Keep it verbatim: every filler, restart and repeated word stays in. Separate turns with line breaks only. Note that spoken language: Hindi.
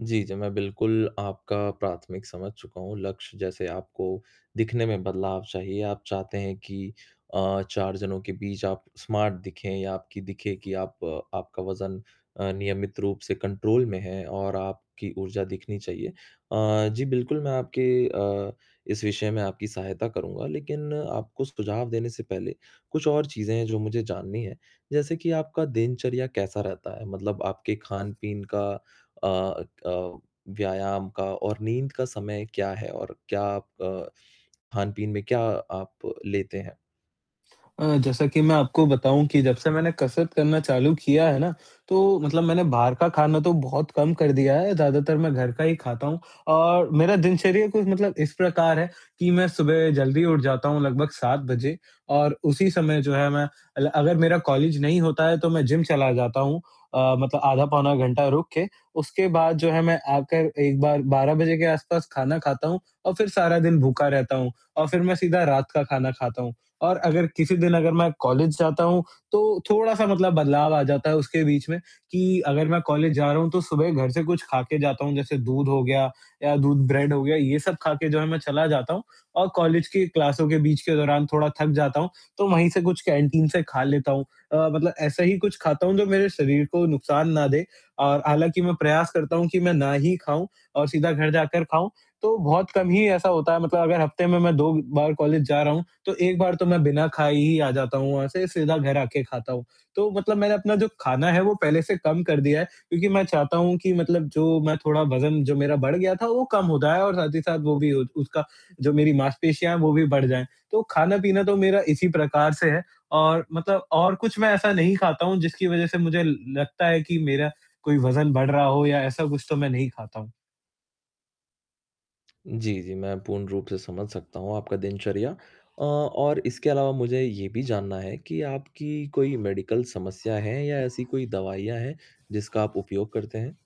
जी, जी, मैं बिल्कुल आपका प्राथमिक समझ चुका हूँ, लक्ष्य जैसे आपको दिखने में बदलाव चाहिए आप चाहते हैं कि अ, चार जनों के बीच आप स्मार्ट दिखें या आपकी दिखे कि आप आपका वज़न अ, नियमित रूप से कंट्रोल में है और आपकी ऊर्जा दिखनी चाहिए अ, जी, बिल्कुल मैं आपकी अ, इस विषय में आपकी सहायता करूँगा। लेक़िन आपको सुझाव देने से पहले, कुछ और चीज़ें हैं जो मुझे जाननी हैं, जैसे कि आपका दिनचर्या कैसा रहता है मतलब आपके ख़ान-पीन का अ अ, व्यायाम का और नींद का समय क्या है और क्या आप अ, ख़ान-पीन में क्या आप लेते हैं?
अ, जैसा कि मैं आपको बताऊँ कि जब से मैंने कसरत करना चालू किया है ना, तो मतलब मैंने बाहर का ख़ाना तो बहुत कम कर दिया है, ज़्यादातर मैं घर का ही ख़ाता हूँ और मेरा दिनचर्या कुछ मतलब इस प्रकार है, कि मैं सुबह जल्दी उठ जाता हूँ लगभग सात बजे और उसी समय जो है मैं अगर मेरा कॉलेज नहीं होता है तो मैं जिम चला जाता हूँ अ, मतलब आधा पौना घंटा रुक के। उसके बाद जो है मैं आकर एक बार बारह बजे के आस-पास ख़ाना ख़ाता हूँ और फ़िर सारा दिन भूखा रहता हूँ और फ़िर मैं सीधा रात का ख़ाना ख़ाता हूँ। और अगर किसी दिन अगर मैं कॉलेज जाता हूँ, तो थोड़ा-सा मतलब बदलाव आ जाता है उसके बीच में, कि अगर मैं कॉलेज जा रहा हूँ तो सुबह घर से कुछ ख़ा के जाता हूँ जैसे दूध हो गया, या दूध ब्रेड हो गया, ये सब ख़ा के जो है मैं चला जाता हूँ। और कॉलेज की क्लासों के बीच के दौरान थोड़ा थक जाता हूँ तो वहीं से कुछ कैंटीन से ख़ा लेता हूँ अ, मतलब ऐसा ही कुछ खाता हूँ जो मेरे शरीर को नुकसान ना दे और हालाँकि मैं प्रयास करता हूँ कि मैं ना ही ख़ाऊँ और सीधा घर जाकर ख़ाऊँ तो बहुत कम ही ऐसा होता है मतलब अगर हफ़्ते में मैं दो बार कॉलेज जा रहा हूँ, तो एक बार तो मैं बिना ख़ाए ही आ जाता हूँ वहाँ से सीधा घर आ के ख़ाता हूँ। तो मतलब मैंने अपना जो ख़ाना है वो पहले से कम कर दिया है, क्योंकि मैं चाहता हूँ कि मतलब जो मैं थोड़ा वज़न जो मेरा बढ़ गया था वो कम हो जाए और साथ ही साथ वो भी उसका, जो मेरी मांसपेशियाँ हैं वो भी बढ़ जाए। तो ख़ाना-पीना तो मेरा इसी प्रकार से है और मतलब और कुछ मैं ऐसा नहीं ख़ाता हूँ जिसकी वज़ह से मुझे ल लगता है कि मेरा कोई वज़न बढ़ रहा हो या ऐसा कुछ तो मैं नहीं ख़ाता हूँ।
जी, जी, मैं पूर्ण रूप से समझ सकता हूँ आपका दिनचर्या। अ, और इसके अलावा मुझे ये भी जानना है, कि आपकी कोई मेडिकल समस्या है या ऐसी कोई दवाइयाँ हैं, जिसका आप उपयोग करते हैं?